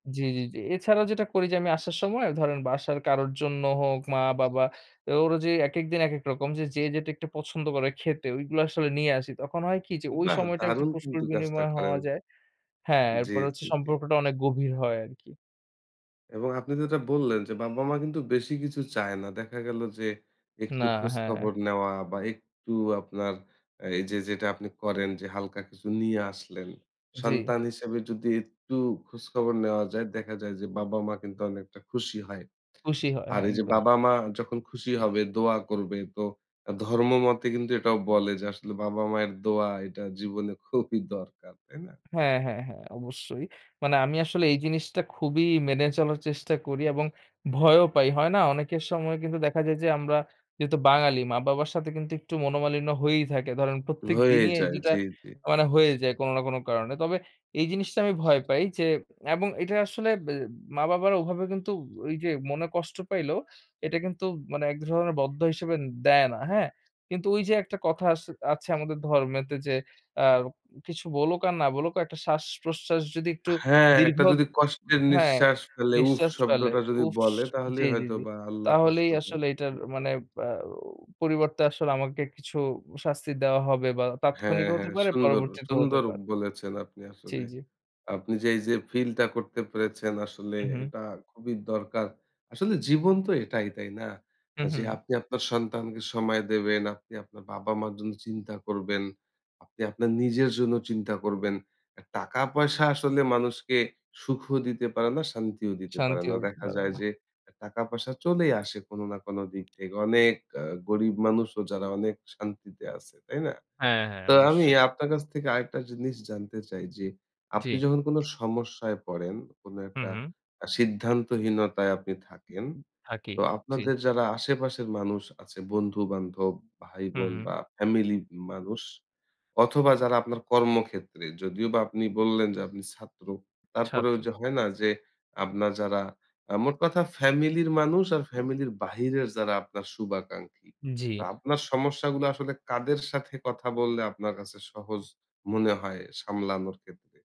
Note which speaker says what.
Speaker 1: জি, জি, জি। এছাড়াও যেটা করি যে, আমি আসার সময় ধরেন বাসার কারোর জন্য হোক, মা-বাবা, বা ওর যে, একেক দিন একেক রকম, যে, যেটা একটু পছন্দ করে খেতে, ঐগুলা আসলে নিয়ে আসি। তখন হয় কী? যে, ওই
Speaker 2: বাহ!
Speaker 1: সময়টা একটু
Speaker 2: দারুণ
Speaker 1: কুশল
Speaker 2: কিন্তু! কাজটা
Speaker 1: বিনিময়
Speaker 2: করেন।
Speaker 1: হওয়া যায় হ্যাঁ,
Speaker 2: জি,
Speaker 1: এরপরে হচ্ছে,
Speaker 2: জি, জি।
Speaker 1: সম্পর্কটা অনেক গভীর হয় আরকি।
Speaker 2: এবং আপনি যেটা বললেন যে, বাবা-মা কিন্তু বেশি কিছু চায় না। দেখা গেল যে, একটু
Speaker 1: না, হ্যাঁ।
Speaker 2: খোঁজখবর নেওয়া বা একটু আপনার এই যে, যেটা আপনি করেন। হালকা কিছু নিয়ে আসলেন।
Speaker 1: জি।
Speaker 2: সন্তান হিসেবে যদি একটু খোঁজখবর নেওয়া যায়, দেখা যায় যে, বাবা-মা কিন্তু অনেকটা খুশি হয়।
Speaker 1: খুশি হয়।
Speaker 2: আর
Speaker 1: হ্যাঁ,
Speaker 2: এই যে,
Speaker 1: একদম।
Speaker 2: বাবা-মা যখন খুশি হবে, দোয়া করবে, তো আ ধর্মমতে কিন্তু এটাও বলে যে, আসলে বাবা মায়ের দোয়া এটা জীবনে খুবই দরকার, তাই না?
Speaker 1: হ্যাঁ, হ্যাঁ, হ্যাঁ, অবশ্যই। মানে আমি আসলে এই জিনিসটা খুবই মেনে চলার চেষ্টা করি এবং ভয়ও পাই। হয় না? অনেকের সময় কিন্তু দেখা যায় যে, আমরা যেহেতু বাঙালি, মা-বাবার সাথে কিন্তু একটু মনোমালিন্য হয়েই থাকে। ধরেন, প্রত্যেক
Speaker 2: হয়েই
Speaker 1: দিনই
Speaker 2: যায়।
Speaker 1: যেটা
Speaker 2: জি, জি।
Speaker 1: মানে হয়ে যায় কোনো না কোনো কারণে। তবে এই জিনিসটা আমি ভয় পাই। যে, এবং এটা আসলে বে মা-বাবারা ওভাবে কিন্তু ওই যে, মনে কষ্ট পাইল, এটা কিন্তু মানে এক ধরনের বদ্দোয়া হিসেবে দেয় না। হ্যাঁ? কিন্তু ওই যে, একটা কথা আসে আছে আমাদের ধর্মেতে, যে, আ কিছু বলুক আর না বলুক, একটা শ্বাসপ্রশ্বাস যদি একটু
Speaker 2: হ্যাঁ,
Speaker 1: দীর্ঘ
Speaker 2: একটা যদি কষ্টের
Speaker 1: হ্যাঁ,
Speaker 2: নিঃশ্বাস ফেলে "উফ!"
Speaker 1: নিশ্বাস ফেলে,
Speaker 2: শব্দটা যদি
Speaker 1: "উফ!" স
Speaker 2: বলে, তাহলে
Speaker 1: জি, জি, জি।
Speaker 2: হয়তোবা আল্লাহ কষ্ট
Speaker 1: তাহলেই
Speaker 2: দেয়।
Speaker 1: আসলে এটা
Speaker 2: জি।
Speaker 1: মানে আ পরিবর্তে আসলে আমাকে কিছু শাস্তি দেয়া হবে বা
Speaker 2: হ্যাঁ,
Speaker 1: তাৎক্ষণিকও হতে
Speaker 2: হ্যাঁ।
Speaker 1: পারে,
Speaker 2: সুন্দর,
Speaker 1: পরবর্তীতেও হতে
Speaker 2: সুন্দর
Speaker 1: পারে।
Speaker 2: বলেছেন আপনি
Speaker 1: জি,
Speaker 2: আসলে।
Speaker 1: জি।
Speaker 2: আপনি যে, এই যে, ফিলটা করতে পেরেছেন, আসলে
Speaker 1: উঁহু।
Speaker 2: এটা খুবই দরকার। আসলে জীবন তো এটাই, তাই না?
Speaker 1: হুম,
Speaker 2: যে,
Speaker 1: হুম।
Speaker 2: আপনি আপনার সন্তানকে সময় দেবেন, আপনি আপনার বাবা-মার জন্য চিন্তা করবেন। আপনি আপনার নিজের জন্য চিন্তা করবেন। টাকা-পয়সা আসলে মানুষকে সুখও দিতে পারে না, শান্তিও দিতে পারে
Speaker 1: শান্তি
Speaker 2: না।
Speaker 1: হইতে
Speaker 2: দেখা
Speaker 1: পারে
Speaker 2: যায়
Speaker 1: না।
Speaker 2: যে, টাকা-পয়সা চলেই আসে কোনো না কোনো দিক থেকে। অনেক আ গরিব মানুষও, যারা অনেক শান্তিতে আছে। তাই না?
Speaker 1: হ্যাঁ, হ্যাঁ,
Speaker 2: তা আমি
Speaker 1: অবশ্যই।
Speaker 2: আপনার কাছ থেকে আরেকটা জিনিস জানতে চাই। যে, আপনি
Speaker 1: জি।
Speaker 2: যখন কোনো সমস্যায় পড়েন, কোনো
Speaker 1: হু,
Speaker 2: একটা
Speaker 1: হুম।
Speaker 2: আ সিদ্ধান্তহীনতায় আপনি থাকেন,
Speaker 1: থাকেই,
Speaker 2: তো
Speaker 1: জি।
Speaker 2: আপনাদের যারা আশেপাশের মানুষ আছে, বন্ধু-বান্ধব,
Speaker 1: হু,
Speaker 2: ভাই-বোন
Speaker 1: হুম।
Speaker 2: বা ফ্যামিলির মানুষ, অথবা যারা আপনার কর্মক্ষেত্রে, যদিও বা আপনি বললেন যে, আপনি ছাত্র, তারপরে
Speaker 1: ছাত্র।
Speaker 2: ওই যে, হয় না? যে, আপনার যারা আ মোট কথা ফ্যামিলির মানুষ, আর ফ্যামিলির বাহিরের যারা আপনার শুভাকাঙ্ক্ষী, তো
Speaker 1: জি।
Speaker 2: আপনার সমস্যাগুলা আসলে কাদের সাথে কথা বললে আপনার কাছে সহজ মনে হয়, সামলানোর ক্ষেত্রে?